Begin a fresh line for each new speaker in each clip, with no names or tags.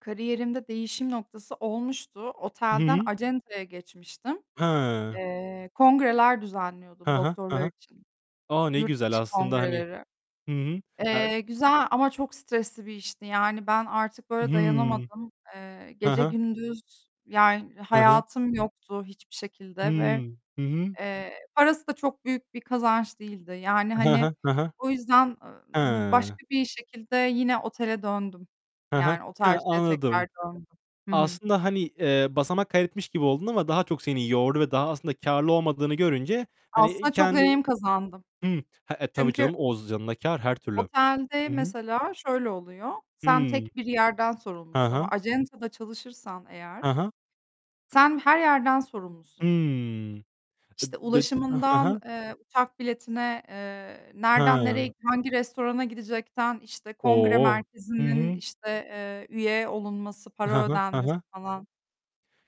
Kariyerimde değişim noktası olmuştu.
Hı
Otelden
hı.
acentaya geçmiştim.
Hıı.
Eee, kongreler
Ha
düzenliyordum
ha. Ha
doktorlar
ha.
için,
A! Ne
yurt
güzel
dışı
aslında, hani
kongreleri.
Hı hı. A
Eee, güzel ama çok stresli bir işti, yani, ben artık böyle
Hıı.
dayanamadım. Eee,
Ha
gece
ha.
gündüz, yani,
Hı hı.
hayatım yoktu hiçbir şekilde ve,
Hıı. Hı hı.
eee, parası da çok büyük bir kazanç değildi. Yani,
Hı
hani,
hı. Hı hı.
o yüzden ı m
Hıı.
başka bir şekilde yine otele döndüm.
Hı hı.
Yani,
Ha,
otelciliğe
anladım.
tekrar döndüm. Hı hı.
Aslında, hani, eee, basamak kaydetmiş gibi oldun ama daha çok seni yordu ve daha aslında kârlı olmadığını görünce hani
Aslında çok
kendi
deneyim kazandım.
Hıı. He, e, tabii
Çünkü
canım oz yanına kâr her türlü.
otelde,
Hı hı.
mesela, şöyle oluyor, sen
Hıı.
tek bir yerden
Ha
sorumlusun ama
ha.
acentada çalışırsan
Ha
eğer
ha.
sen her yerden sorumlusun.
Hıı. Ed
İşte
dö ah. Ha ha.
ulaşımından, eee, uçak biletine, eee, nerden nereye,
Ha.
hangi restorana gidecekten, işte, kongre
O! Hı
merkezinin,
hı.
işte, eee, üye olunması,
Ha
para
ha. Ha
ödenmesi
ha.
falan.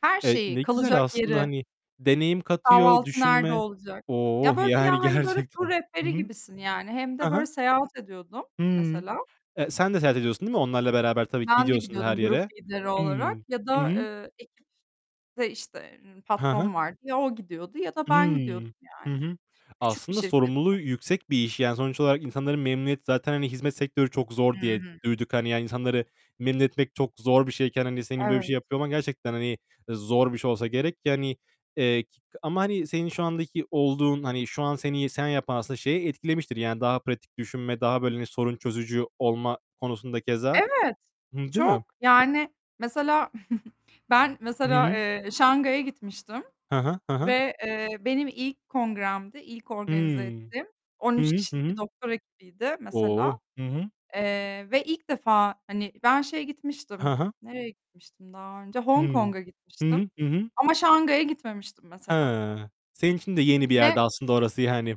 Her
Evet,
şeyi,
ne güzel
kalacak
aslında,
yeri.
hani, deneyim katıyor,
Kahvaltı nerede
düşünme.
olacak? Ya,
Oh!
böyle bir ya
Yani
hani böyle tur
gerçekten. Hı
rehberi
hı.
gibisin, yani. Hem de
Ha
böyle
ha.
seyahat ediyordum,
Hıı.
mesela.
E sen de seyahat ediyorsun değil mi? Onlarla beraber tabii ki
Ben de
gidiyorsun her
gidiyordum grup
yere.
lideri
Hıı.
olarak ya
Hı
da
hı.
eee, ekipte, işte, ııı,
Ha ha.
patron vardı ya o gidiyordu ya da ben gidiyordum,
Hıı. Hı
yani,
hı.
küçük bir
Aslında,
şirketti.
sorumluluğu yüksek bir iş. Yani, sonuç olarak insanları memnuniyet zaten hani; "Hizmet sektörü çok
Hı
zor." diye
hı.
duyduk. Hani, yani, insanları memnun etmek çok zor bir şeyken hani senin böyle bir şey
Evet.
yapıyor olman gerçekten, hani, zor bir şey olsa gerek. Yani, eee, k ama hani senin şu andaki olduğun, hani, şu an seni sen yapan, aslında, şeyi etkilemiştir. Yani, daha pratik düşünme, daha böyle, hani, sorun çözücü olma konusunda keza.
Evet,
Hıı. Değil mi?
çok, yani, mesela ben,
Hı
mesela,
hı.
eee, Şanghay'a gitmiştim
Hı hı. Hı hı.
ve, eee, benim ilk kongremdi, ilk organize
Hıı.
ettiğim on
Hı
üç
hı. Hı
kişilik bir
hı.
doktora ekibiydi, mesela,
O! Hı hı.
eee, ve ilk defa, hani, ben şeye gitmiştim,
Ha ha.
nereye gitmiştim daha önce? Hong
Hıı.
Kong'a
Hı
gitmiştim
hı, hı hı.
ama Şanghay'a gitmemiştim, mesela.
Hıı. Senin için de yeni bir
Ve
yerdi aslında, orası yani.